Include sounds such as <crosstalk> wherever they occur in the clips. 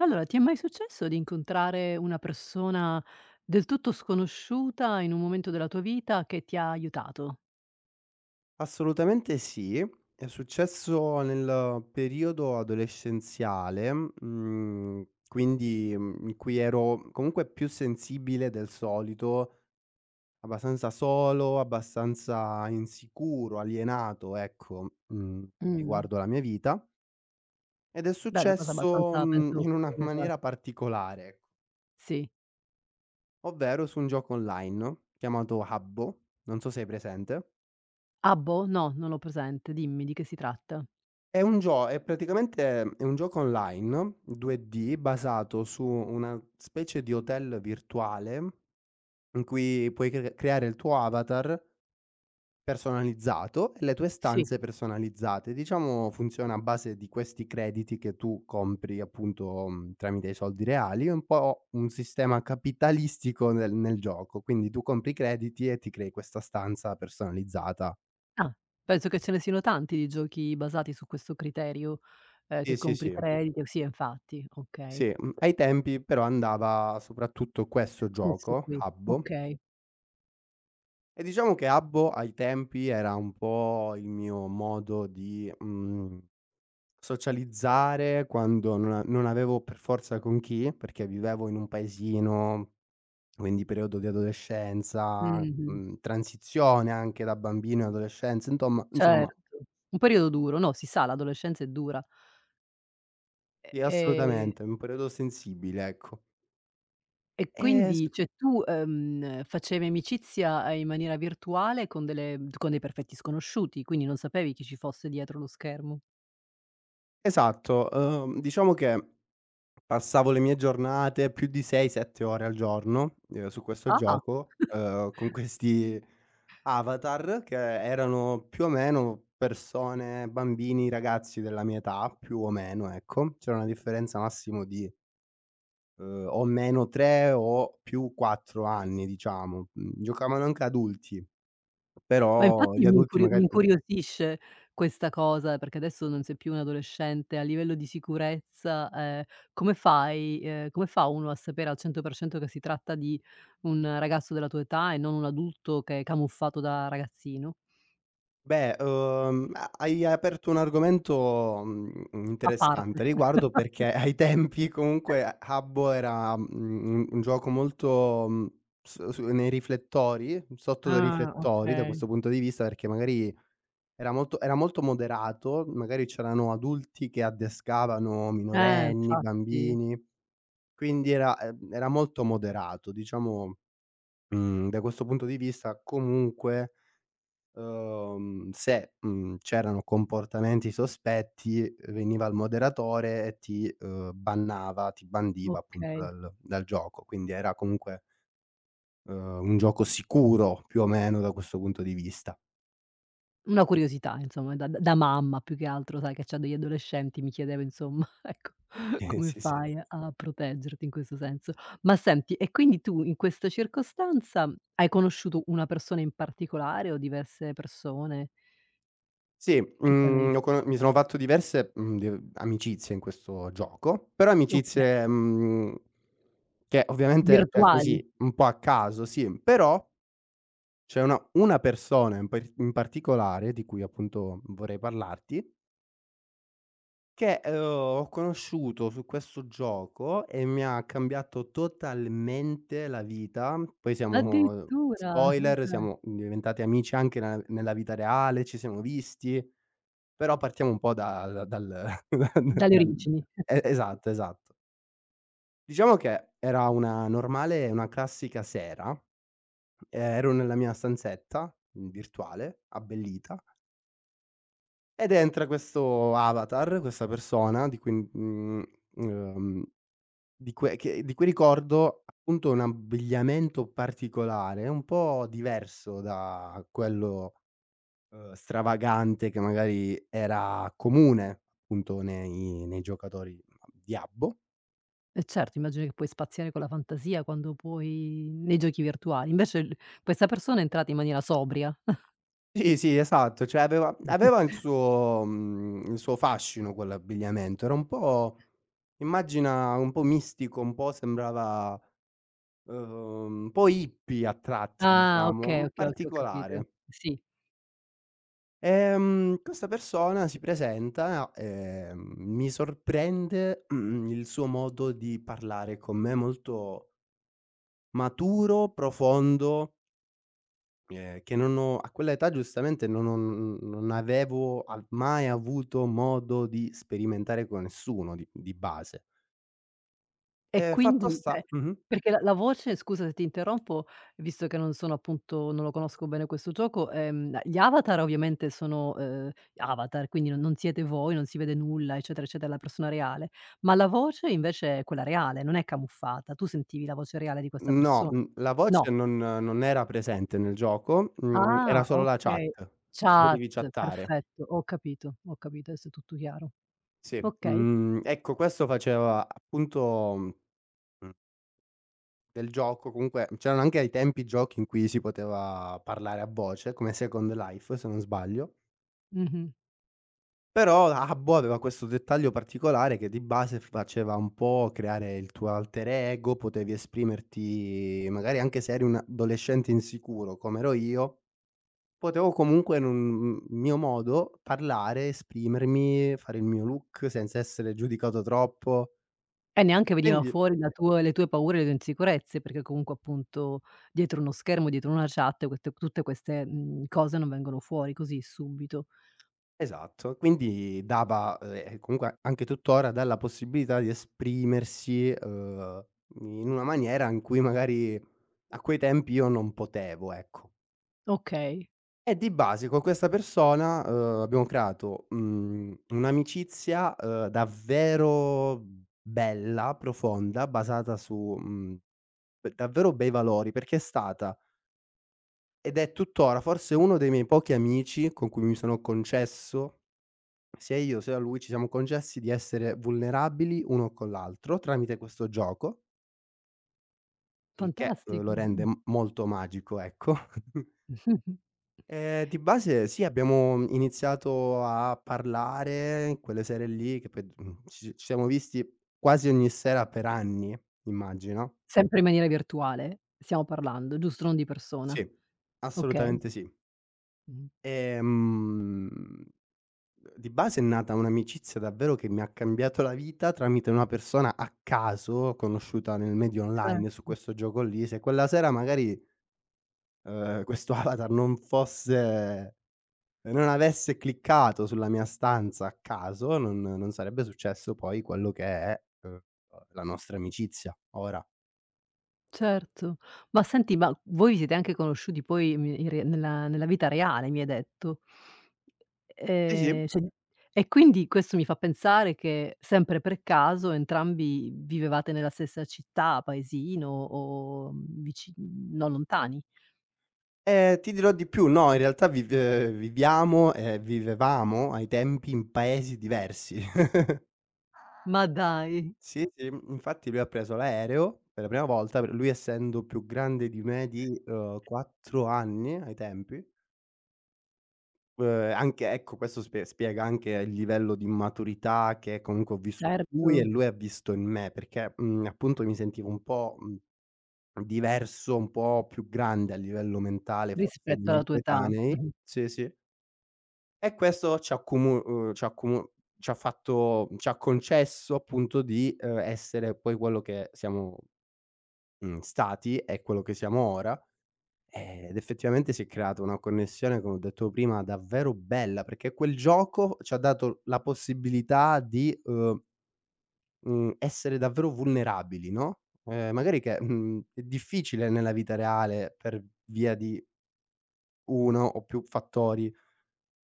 Allora, ti è mai successo di incontrare una persona del tutto sconosciuta in un momento della tua vita, che ti ha aiutato? Assolutamente sì è successo nel periodo adolescenziale, mhmm, quindi, uhm, in cui ero comunque più sensibile del solito abbastanza solo, abbastanza insicuro, alienato, ecco, mhmm, Mh. riguardo la mia vita ed è Beh, è una cosa successo, abbastanza, uhm, penso, in una comune tra maniera particolare ecc Sì. ovvero su un gioco online, chiamato Habbo, non so sei hai presente. Ah boh, no non l'ho presente, dimmi, di che si tratta? È un gio è praticamente è un gioco online 2D basato su una specie di hotel virtuale in cui puoi cre creare il tuo avatar, personalizzato e le tue Sì. stanze personalizzate. Diciamo, funziona a base di questi crediti che tu compri appunto, mhmm, tramite i soldi reali è un po' un sistema capitalistico nel nel gioco. Quindi tu compri crediti e ti crei questa stanza personalizzata Ah, penso che ce ne siano tanti di giochi basati su questo criterio, ehm, Sì, che sì, compri sì. credito sì, infatti, okay. Sì, uhm, ai tempi però andava soprattutto questo Questo gioco, qui, Habbo. okay. E diciamo che Habbo, ai tempi era un po' il mio modo di, mhmm, socializzare quando non a non avevo per forza con chi, perché vivevo in un paesino quindi periodo di adolescenza, Mh-mh. mhmm, transizione anche da bambino e adolescenza intomma insomma Certo, un periodo duro, no, si sa, l'adolescenza è dura. E Sì, ehm assolutamente è un periodo sensibile, ecco. E Eh, su quindi cioè tu, ehm, facevi amicizia, ehm, in maniera virtuale con delle con dei perfetti sconosciuti, quindi non sapevi chi ci fosse dietro lo schermo. Esatto, uhm, diciamo che passavo le mie giornate più di 6-7 ore al giorno, uhm, su questo Ah. gioco, uhm, con <chuckles> questi avatar che, erano più o meno persone, bambini, ragazzi della mia età, più o meno, ecco. C'era una differenza massimo di uhm, o meno 3 o più 4 anni, diciamo. Mhmm, giocavano anche adulti. Ma Però, infatti, gli mi adulti incurio mi magari uhm incuriosisce questa cosa, perché adesso non sei più un adolescente, a livello di sicurezza, ehm, come fai? Ehm, come fa uno a sapere al 100 % che si tratta di un ragazzo della tua età e non un adulto che camuffato da ragazzino? Beh, uhm, a hai aperto un argomento, mhmm, A parte. interessante a riguardo <chuckles> perché <chuckles> ai tempi comunque Habbo <unintelligible> era, mhmm, un gioco molto, uhm, so su nei riflettori, sotto dei Ah, riflettori da okay. questo punto di vista, perché magari era molto era molto moderato, magari c'erano adulti che addescavano Eh minorenni, infatti. bambini quindi era, ehm, era molto moderato diciamo mhmm, da questo punto di vista comunque uhm, se, mhmm, c'erano comportamenti sospetti, veniva il moderatore e ti, uhm, bannava, ti bandiva, appunto Okay. dal dal gioco. Quindi era comunque uhm, un gioco sicuro più o meno, da questo punto di vista. Una curiosità insomma, da da mamma più che altro, sai, che c'ha degli adolescenti, mi chiedevo insomma, ecco <chuckles> come Sì, sì. fai a proteggerti in questo senso? Ma senti e quindi tu in questa circostanza, hai conosciuto una persona in particolare o diverse persone? Sì, Che t'hanno mhmm, aiu ne ho cono mi sono fatto diverse, mhmm, di amicizie in questo gioco. Però Oka amicizie, mhmm, che ovviamente cioè Virtuali. così, un po' a caso, sì, però c'è una una persona in par particolare, di cui appunto vorrei parlarti che, ehm, ho conosciuto su questo gioco e mi ha cambiato totalmente la vita. Poi siamo Addirittura, ma spoiler, dai. siamo diventati amici anche nella nella vita reale, ci siamo visti, però partiamo un po' dal dal D <chuckles> dalle dal origini. e <chuckles> esatto, esatto. Diciamo che, era una normale, una classica sera, ehm, ero nella mia stanzetta virtuale, abbellita ed entra questo avatar, questa persona di cui, mhmm, mhmm, ehm, di cui che di cui ricordo appunto un abbigliamento particolare, un po' diverso da quello, uhm, stravagante che magari era comune appunto nei nei giocatori di Habbo Eh, certo, immagino che puoi spaziare con la fantasia, quando puoi nei giochi virtuali. Invece l questa persona è entrata in maniera sobria. <chuckles> Sì, sì, esatto, cioè aveva aveva il <chuckles> suo mhmm, il suo fascino quell'abbigliamento, era un po' immagina un po' mistico, un po' sembrava, uhm, un po' hippie a tratti, Ah diciamo, okay, mhmm, okay, okay ho capito, particolare. sì. Ehm, questa persona si presenta, ehm, mi sorprende, mhmm, il suo modo di parlare con me, molto maturo, profondo ehm, che non ho a quell'età giustamente, non ho non n non avevo a mai avuto modo di sperimentare con nessuno di di base E ehm, fatto quindi, sta cioè mh-mh. perché la la voce scusa se ti interrompo, visto che non sono appunto non lo conosco bene questo gioco, ehm, gli avatar ovviamente sono, ehm, avatar, quindi non non siete voi, non si vede nulla eccetera, eccetera, la persona reale, ma la voce invece è quella reale non è camuffata? Tu sentivi la voce reale di questa Mhmm, no, persona? mhmm, la No. voce non non era presente nel gioco, mhmm, era Ah solo la chat. okay, chat, Potevi chattare. perfetto ho capito, ho capito, adesso è tutto chiaro Sì, okay. mhmm, ecco questo faceva appunto, mhmm, mhmm del gioco, comunque, mhmm, c'erano anche ai tempi, giochi in cui si poteva parlare a voce, come Second Life, se non sbaglio Mh-mh. però, Habbo aveva questo dettaglio particolare, che di base faceva un po' creare il tuo alter ego, potevi esprimerti, magari anche se eri un adolescente insicuro come ero io, potevo comunque n mhmm, mio modo parlare, esprimermi, fare il mio look senza essere giudicato troppo E neanche veniva quindi fuori la tua le tue paure, e le tue insicurezze, perché comunque appunto, dietro uno schermo, dietro una chat, quet tutte, mhmm, queste cose non vengono fuori così subito. Esatto, quindi dava, ehm, e comunque, anche tuttora, dà la possibilità di esprimersi, ehm, in una maniera in cui, magari a quei tempi io non potevo, ecco. Okay. E di base co' questa persona, uhm, abbiamo creato, mhmm, un'amicizia, ehm, davvero bella, profonda basata su, mhmm, uhm, davvero bei valori perché è stata ed è tuttora, forse uno dei miei pochi amici, con cui mi sono concesso sia io sia a lui, ci siamo concessi di essere vulnerabili uno con l'altro, tramite questo gioco il che, uhm, lo Fantastico, rende mh. m molto magico ecco. <chuckles> <chuckles> E di base sì, abbiamo iniziato a parlare, in quelle sere lì, che poi d mhmm, ci s ci siamo visti quasi ogni sera per anni, immagino. Sempre in maniera virtuale stiamo parlando giusto? Non di persona, Sì, okay. assolutamente sì. Mh-mh. Ehm, uhm, di base è nata un'amicizia davvero che mi ha cambiato la vita, tramite una persona a caso, conosciuta nel media online, su Certo. questo gioco lì. Se quella sera magari, uhm, questo avatar non fosse uhm, non avesse cliccato sulla mia stanza, a caso, non non sarebbe successo poi, quello che è, uhm, la nostra amicizia ora. Certo, ma senti, ma voi vi siete anche conosciuti poi <unintelligible> in rea nella nella vita reale mi hai detto, Sì, e sì. cioè, e quindi questo mi fa pensare che, sempre per caso, entrambi vivevate nella stessa città, paesino o vicin non lontani. E ti dirò di più no, in realtà vive viviamo e vivevamo ai tempi, in paesi diversi. <chuckles> Ma dai. Sì, sì, infatti lui ha preso l’aereo, per la prima volta, p lui essendo più grande di me di, ehm, 4 anni ai tempi. Uhm, anche, ecco questo sp spiega anche il livello di maturità, che comunque ho visto in lui, e Certo. lui ha visto in me, perché, mhmm, appunto mi sentivo un po’, mhmm, diverso, un po’ più grande a livello mentale, forse, dei Rispetto miei alla tua età, coetanei mh-mh. sì, sì. E questo ci ha accomu uhm, ci ha accomu c'ha fatto mhmm, c'ha concesso appunto, di, uhm, essere poi quello che siamo, mhmm, stati e quello che siamo ora. Ehm, ed effettivamente si è creata una connessione, come ho detto prima, davvero bella perché quel gioco, c'ha dato l la possibilità di, uhm, mhmm, essere davvero vulnerabili, no, ehm, magari che, mhmm, è difficile nella vita reale per via di 1 o più fattori,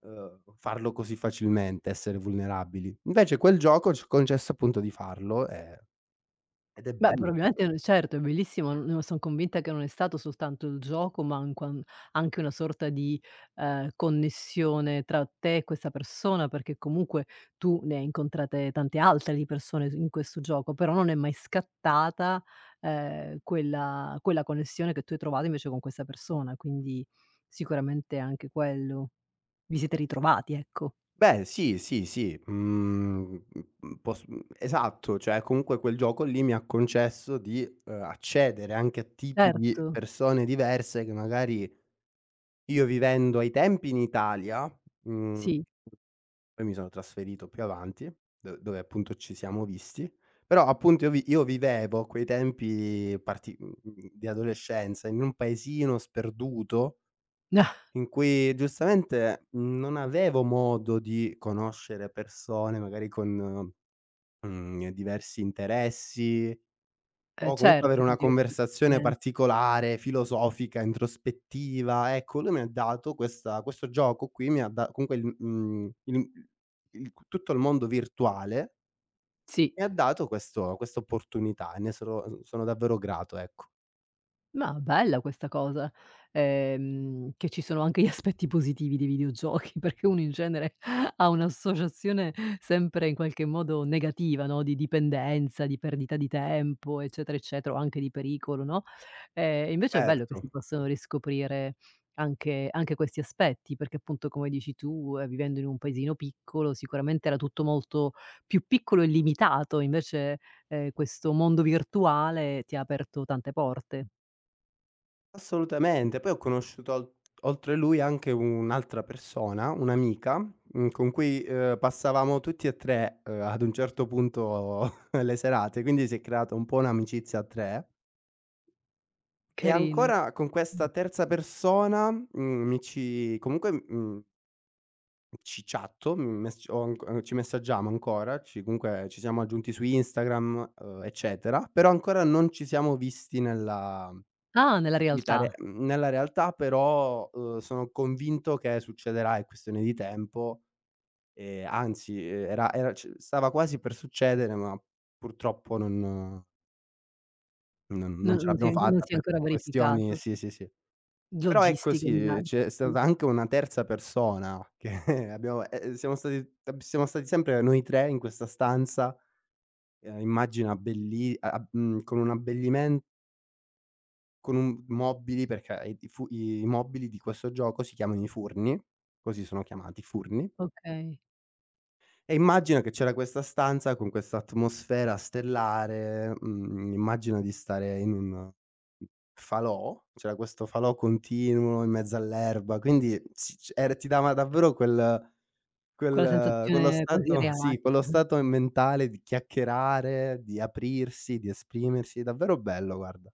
uhm, farlo così facilmente, essere vulnerabili. Invece quel gioco ci ha concesso appunto di farlo, ehm, ed è Beh, bello. probabilmente <unintelligible> certo, è bellissimo <unintelligible> son convinta che non è stato soltanto il gioco ma, anquan anche una sorta di, ehm, connessione tra te e questa persona, perché comunque tu ne hai incontrate tante altre di persone su in questo gioco, però non è mai scattata, ehm, quella quella connessione che tu hai trovato invece con questa persona, quindi sicuramente anche quello. Vi siete ritrovati ecco. Beh sì, sì, sì, mhmm, pos mhmm, esatto, cioè comunque quel gioco lì, mi ha concesso di, uhm, accedere anche a tipi di Certo. persone diverse, che magari io vivendo ai tempi in Italia, mhmm, Sì. poi mi sono trasferito più avanti, do dove appunto ci siamo visti. Però appunto, io vi io vivevo a quei tempi parti mhmm, di adolescenza, in un paesino sperduto, <chuckles> in cui giustamente non avevo modo di conoscere persone, magari con, mhmm, diversi interessi Eh, o comunque avere certo con una diverse conversazione esperienze. particolare, filosofica, introspettiva; ecco, lui mi dato questa questo gioco qui mi ha da comunque l mhmm, in un <unintelligible> tutto il c tutto il mondo virtuale Sì. e ha dato questo questa opportunità e ne sono s sono davvero grato ecco. Ma, bella questa cosa, ehm, che ci sono anche gli aspetti positivi dei videogiochi perché uno in genere <chuckles> ha un’associazione sempre in qualche modo negativa, no, di dipendenza, di perdita di tempo, eccetera eccetera, o anche di pericolo no. Ehm, invece è bello che si Certo. possano riscoprire anche anche questi aspetti, perché appunto come dici tu, ehm, vivendo in un paesino piccolo, sicuramente era tutto molto più piccolo e limitato, invece, ehm, questo mondo virtuale ti ha aperto tante porte. Assolutamente. Poi ho conosciuto ol oltre lui, anche un'altra persona, un'amica, mhmm, con cui, ehm, passavamo tutti e 3, uhm, ad un certo punto <chuckles> le serate, quindi si è creata un po' un'amicizia a 3 e Carina, ancora, con questa mh. terza persona, mhmm, mi ci comunque m mhmm ci chatto, mhmm, mess ho anc uhm, ci messaggiamo ancora, ci comunque, ci siamo aggiunti su Instagram, uhm, eccetera. Però, ancora non ci siamo visti nella Ah, nella vita re realtà. mhmm, nella realtà, però, uhm, sono convinto che succederà, è questione di tempo e anzi, uhm, era era c stava quasi per succedere, ma purtroppo non non non Non ce non si l'abbiamo che non fatta, si è per ancora questioni verificato. sì, sì, sì. Però, ecco Logistiche sì, direi, c'è sì. stata anche una terza persona, che abbiamo ehm, siamo stati <unintelligible> siamo stati sempre noi 3 in questa stanza, uhm, immagina belli a ab mhmm, con un abbellimen con un mobili, perché i i fu i i mobili di questo gioco si chiamano i furni, così sono chiamati, furni Okay. e immagina che c'era questa stanza, con questa atmosfera stellare, mhmm, immagina di stare in un falò, c'era questo falò continuo, in mezzo all'erba quindi s c er ti dava davvero quel Quella quel quello sensazione quasi stato sì, irreale. quello <chuckles> stato mentale di chiacchierare, di aprirsi, di esprimersi, davvero bello guarda.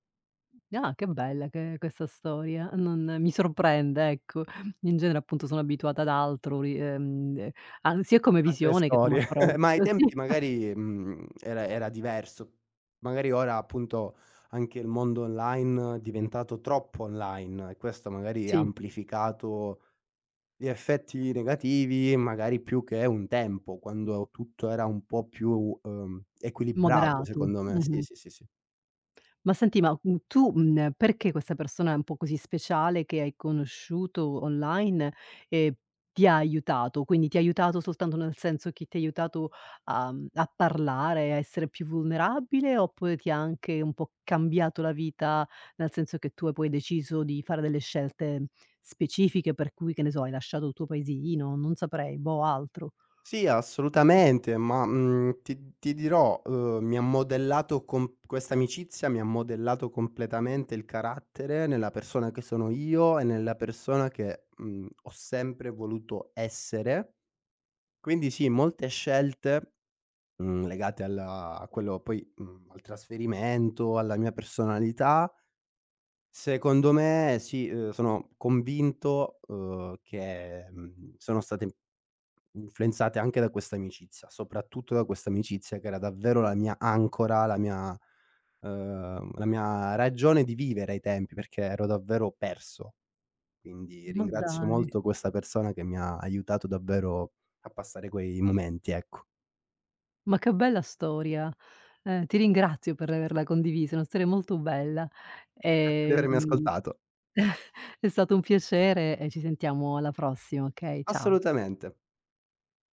Ah, che bella che è questa storia, non mi sorprende ecco, in genere appunto sono abituata ad altro, ri ehm, an sia come Altre visione che come storie, <chuckles> approccio, ma ai sì. tempi <chuckles> magari, mhmm, era era diverso. Magari ora, appunto, anche il mondo online, è diventato troppo online, e questo magari ha Sì. amplificato gli effetti negativi, magari più che un tempo, quando e tutto era un po' più, ehm, equilibrato Moderato, secondo me sì, mh-mh. sì, sì, sì. Ma senti ma, mhmm, tu, mhmm, ehm, perché questa persona è un po' così speciale che hai conosciuto online e ti ha aiutato; quindi ti ha aiutato soltanto nel senso chi ti ha aiutato, uhm, a parlare, a essere più vulnerabile, oppure ti anche un po' cambiato la vita nel senso che tu ha poi deciso di fare delle scelte specifiche per cui, che ne so, hai lasciato il tuo paesino, non saprei, boh altro? Sì assolutamente ma, mhmm, ti ti dirò, uhm, mi ha modellato com questa amicizia mi ha modellato completamente il carattere nella persona che sono io e nella persona che, mhmm, ho sempre voluto essere. Quindi sì, molte scelte, mhmm, legate al a quello poi mhmm, al trasferimento, alla mia personalità secondo me sì, uhm, sono convinto, uhm, che, mhmm, sono state influenzate anche da questa amicizia, soprattutto da questa amicizia che era davvero la mia ancora, la mia ehm, la mia ragione di vivere ai tempi, perché ero davvero perso; quindi ringrazio Maddai. molto questa persona che mi ha aiutato davvero a passare quei momenti, ecco. Ma che bella storia! Ehm, ti ringrazio per averla condivisa. È una storia molto bella; Grazie di avermi ehm ascoltato. <chuckles> è stato un piacere e ci sentiamo alla prossima, okay? Ciao. Assolutamente.